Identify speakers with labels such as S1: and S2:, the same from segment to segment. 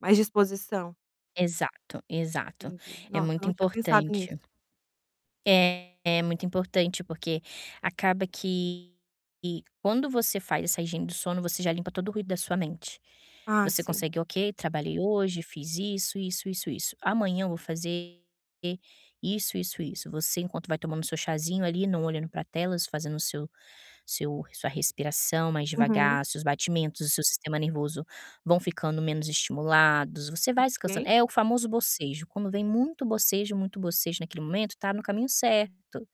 S1: Mais disposição?
S2: Exato, exato.
S1: Entendi.
S2: É
S1: Nossa,
S2: muito
S1: não tinha pensado nisso.
S2: importante. É, muito importante porque acaba que e quando você faz essa higiene do sono, você já limpa todo o ruído da sua mente.
S1: Ah,
S2: Você
S1: sim.
S2: consegue: "Ok, trabalhei hoje, fiz isso, isso, isso, isso. Amanhã eu vou fazer isso, isso, isso". Você enquanto vai tomando seu chazinho ali, não olhando pra telas, fazendo o seu seu sua respiração mais
S1: Uhum.
S2: devagar, seus batimentos, o seu sistema nervoso vão ficando menos estimulados, você vai descansando.
S1: Ok.
S2: É o famoso bocejo. Quando vem muito bocejo, muito bocejo naquele momento, tá no caminho certo.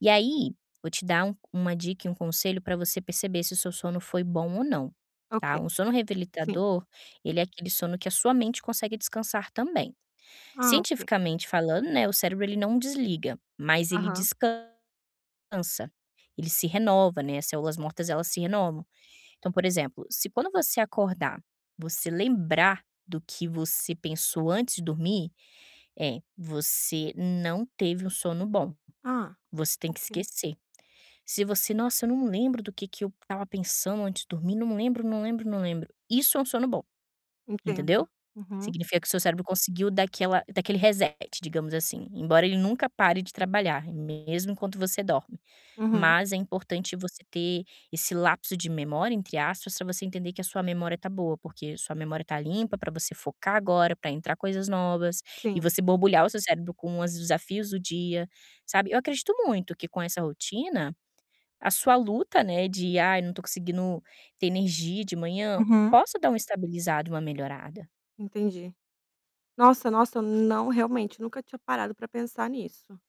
S2: E aí vou te dar um uma dica e um conselho pra você perceber se o seu sono foi bom ou não,
S1: Ok.
S2: tá. Um sono
S1: Sim.
S2: revigorador, ele é aquele sono que a sua mente consegue descansar também.
S1: Ah, ok.
S2: Cientificamente falando, né, o cérebro ele não desliga, mas ele
S1: Aham.
S2: descansa, ele se renova, né. As células mortas, elas se renovam. Então, por exemplo, se quando você acordar, você lembrar do que você pensou antes de dormir, eh, você não teve um sono bom,
S1: Hã?
S2: você tem que
S1: Ok.
S2: esquecer. Se você: "Nossa, eu não lembro do que que eu estava pensando antes de dormir, não lembro, não lembro, não lembro". Isso é um sono bom,
S1: Entendo.
S2: entendeu?
S1: Uhum.
S2: Significa que o seu cérebro conseguiu dar aquela dar aquele reset, digamos assim, embora ele nunca pare de trabalhar, mesmo enquanto você dorme.
S1: Uhum.
S2: Mas é importante você ter esse "lapso de memória", entre aspas, pra você entender que a sua memória tá boa, porque sua memória tá limpa pra você focar agora, pra entrar coisas novas e
S1: Sim.
S2: você borbulhar o seu cérebro com os desafios do dia, sabe? Eu acredito muito que com essa rotina a sua luta, né, de: "Ai, não tô conseguindo ter energia de manhã",
S1: Uhum.
S2: possa dar uma estabilizada, uma melhorada.
S1: Entendi. Nossa! Nossa! Não, realmente, nunca tinha parado pra pensar nisso.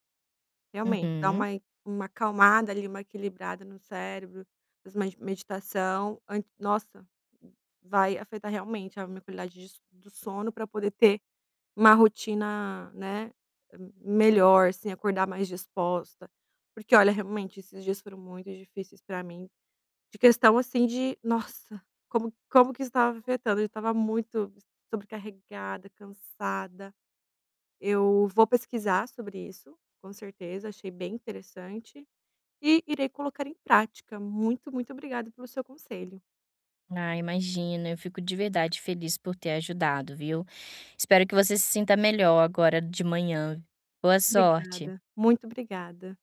S1: Realmente, dar
S2: Uhum.
S1: uma e uma acalmada ali, uma equilibrada no cérebro, faz mai meditação, an nossa! Vai afetar realmente a minha qualidade des do sono pra poder ter uma rotina, né, melhor, você acordar mais disposta. Porque olha, realmente esses dias foram muito difíceis pra mim, de questão assim de: "Nossa, como como que estava afetando". Eu já estava muito sobrecarregada, cansada. Eu vou pesquisar sobre isso, com certeza, achei bem interessante e irei colocar em prática. Muito, muito obrigado pelo seu conselho.
S2: Ah, imagina, eu fico de verdade feliz por ter ajudado, viu. Espero que você se sinta melhor agora de manhã. Boa sorte!
S1: Obrigada. Muito obrigada.